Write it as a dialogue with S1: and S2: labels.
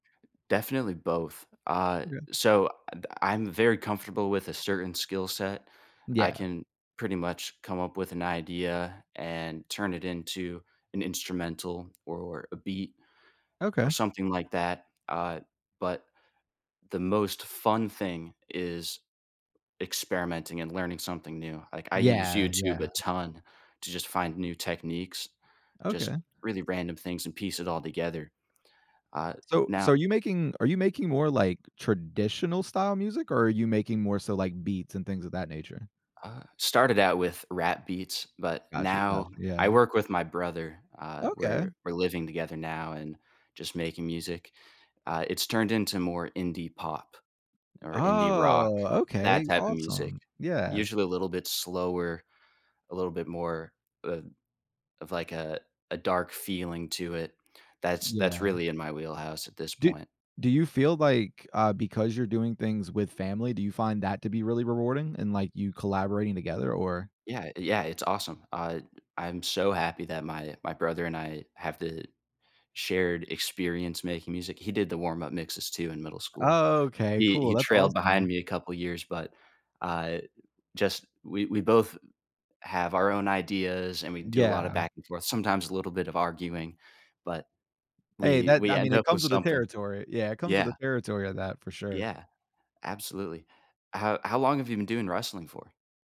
S1: Definitely both. Uh,
S2: Okay.
S1: so, I th I'm very comfortable with a certain skill set. I
S2: Yeah.
S1: can pretty much come up with an idea and turn it into an instrumental or a beat or
S2: Okay.
S1: something like that. Uh, but the most fun thing is experimenting and learning something new. Like, I use
S2: Yeah,
S1: YouTube
S2: yeah.
S1: a ton to just find new techniques, just
S2: Okay.
S1: really random things, and piece it all together. Uh,
S2: So so are
S1: now
S2: you making are you making more, like, traditional-style music, or are you making more so, like, beats and things of that nature?
S1: Uh, started out with rap beats, but
S2: Gotcha,
S1: now
S2: gotcha.
S1: I
S2: Yeah.
S1: work with my brother. Uh,
S2: Okay.
S1: we're we're living together now and just making music. Uh, it's turned into more indie pop or indie rock,
S2: Oh,
S1: that
S2: okay.
S1: type of music.
S2: Awesome. Yeah.
S1: Usually a little bit slower, a little bit more, uh, of like a a dark feeling to it. That's that's
S2: Yeah.
S1: really in my wheelhouse at this
S2: Do
S1: point.
S2: do you feel like, uh, because you're doing things with family, do you find that to be really rewarding and, like, you collaborating together? Or
S1: Yeah, yeah, it's awesome. Uh, I'm so happy that my my brother and I have the shared experience making music. He did the warm up mixes too in middle school.
S2: Oh, okay,
S1: He
S2: cool.
S1: he
S2: That's
S1: trailed behind
S2: awesome.
S1: me a couple years, but, uh, just we we both have our own ideas and we do a lot of
S2: Yeah.
S1: back and forth, sometimes a little bit of arguing, but
S2: Hey,
S1: we
S2: that
S1: we
S2: I mean,
S1: end
S2: it
S1: up with
S2: comes with the
S1: something.
S2: territory. Yeah, it comes with
S1: Yeah.
S2: the territory of that for sure.
S1: Yeah, absolutely. How how long have you been doing wrestling for?